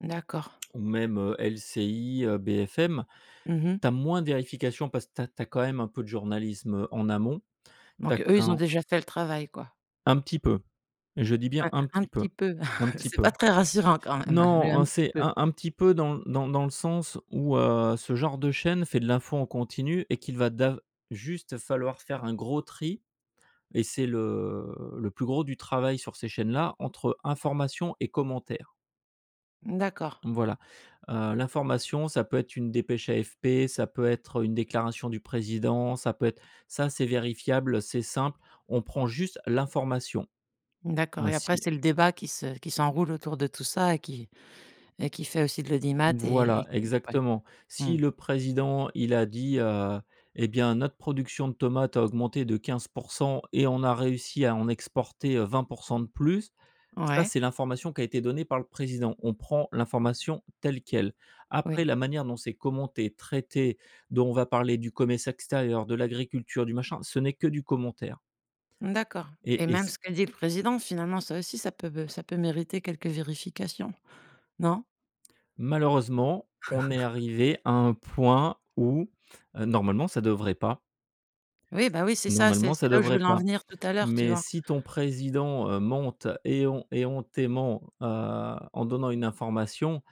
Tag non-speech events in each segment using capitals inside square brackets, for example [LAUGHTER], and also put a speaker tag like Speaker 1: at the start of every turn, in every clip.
Speaker 1: D'accord.
Speaker 2: Ou même, heu, LCI, heu, BFM,
Speaker 1: Mmh mh.
Speaker 2: tu as moins de vérification parce que tu as tu as quand même un peu de journalisme, heu, en amont. Tu as
Speaker 1: Donc eux, ils ont
Speaker 2: quand
Speaker 1: déjà fait le travail quoi.
Speaker 2: Un petit peu, je dis bien
Speaker 1: Ouais,
Speaker 2: un
Speaker 1: un
Speaker 2: petit
Speaker 1: petit
Speaker 2: peu,
Speaker 1: peu,
Speaker 2: un
Speaker 1: [CHUCKLES]
Speaker 2: petit
Speaker 1: c'est
Speaker 2: peu.
Speaker 1: pas très rassurant quand même,
Speaker 2: Non,
Speaker 1: hein, le «un
Speaker 2: en
Speaker 1: petit
Speaker 2: c'est
Speaker 1: peu».
Speaker 2: un un petit peu dans l dans dans le sens où, heu, ce genre de chaîne fait de l'info en continu et qu'il va d'av juste falloir faire un gros tri et c'est le le plus gros du travail sur ces chaînes là, entre information et commentaire.
Speaker 1: Mmh d'accord.
Speaker 2: Mmh, voilà. Heu, l'information ça peut être une dépêche AFP, ça peut être, heu, une déclaration du président, ça peut être ça c'est vérifiable, c'est simple, on prend juste l'information.
Speaker 1: Mmh d'accord et après
Speaker 2: Ainsi
Speaker 1: c'est le débat qui se qui s'enroule autour de tout ça et qui et qui fait aussi de l'audimat et
Speaker 2: Voilà
Speaker 1: q et ouais,
Speaker 2: exactement.
Speaker 1: mmh.
Speaker 2: Si le président il a dit, heu: «Eh bien notre production de tomates a augmenté de 15 % et on a réussi à en exporter, heu, 20 % de plus», ça
Speaker 1: Ouais.
Speaker 2: c'est l'information qui a été donnée par le président. On prend l'information telle quelle. Après
Speaker 1: Oui.
Speaker 2: la manière dont c'est commenté, traité, dont on va parler du commerce extérieur, de l'agriculture, du machin, ce n'est que du commentaire.
Speaker 1: Mmh, d'accord.
Speaker 2: Et
Speaker 1: Et
Speaker 2: et
Speaker 1: même
Speaker 2: s
Speaker 1: ce qu'a dit le président, finalement, ça aussi, ça peut be ça peut mériter quelques vérifications, non?
Speaker 2: Malheureusement, on est
Speaker 1: [CHUCKLES]
Speaker 2: arrivé à un point où, heu, normalement ça devrait pas.
Speaker 1: Oui, bah, oui, c'est ça, c'est
Speaker 2: Normalement
Speaker 1: c'est
Speaker 2: ça
Speaker 1: là où je
Speaker 2: devrait
Speaker 1: voulais en
Speaker 2: pas.
Speaker 1: venir tout à l'heure. Tu
Speaker 2: Mais
Speaker 1: vois?
Speaker 2: si ton président, heu, monte éhon éhontément, heu, en donnant une information,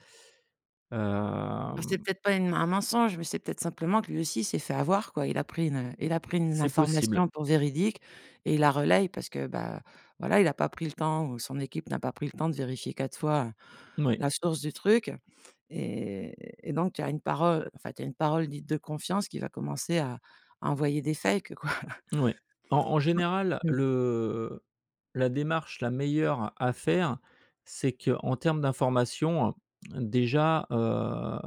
Speaker 1: Bah,
Speaker 2: hem.
Speaker 1: c'est peut-être pas une m un mensonge, mais c'est peut-être simplement que lui aussi s'est fait avoir quoi. Il a pris une, heu, il a pris une
Speaker 2: C'est possible.
Speaker 1: information pour véridique et il la relaye parce que, bah, voilà, il a pas pris le temps ou son équipe n'a pas pris le temps de vérifier 4 fois, heu,
Speaker 2: Moui.
Speaker 1: la source du truc et et donc tu as une parole, enfin tu as une parole dite de confiance qui va commencer à à envoyer des fakes quoi. [CHUCKLES]
Speaker 2: Oui. En en général,
Speaker 1: [UNINTELLIGIBLE]
Speaker 2: le la démarche la meilleure à faire, c'est qu'en termes d'informations, heu, déjà, heu,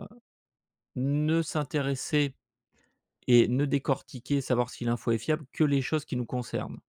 Speaker 2: ne s'intéresser et ne décortiquer, savoir si l'info est fiable, que les choses qui nous concernent.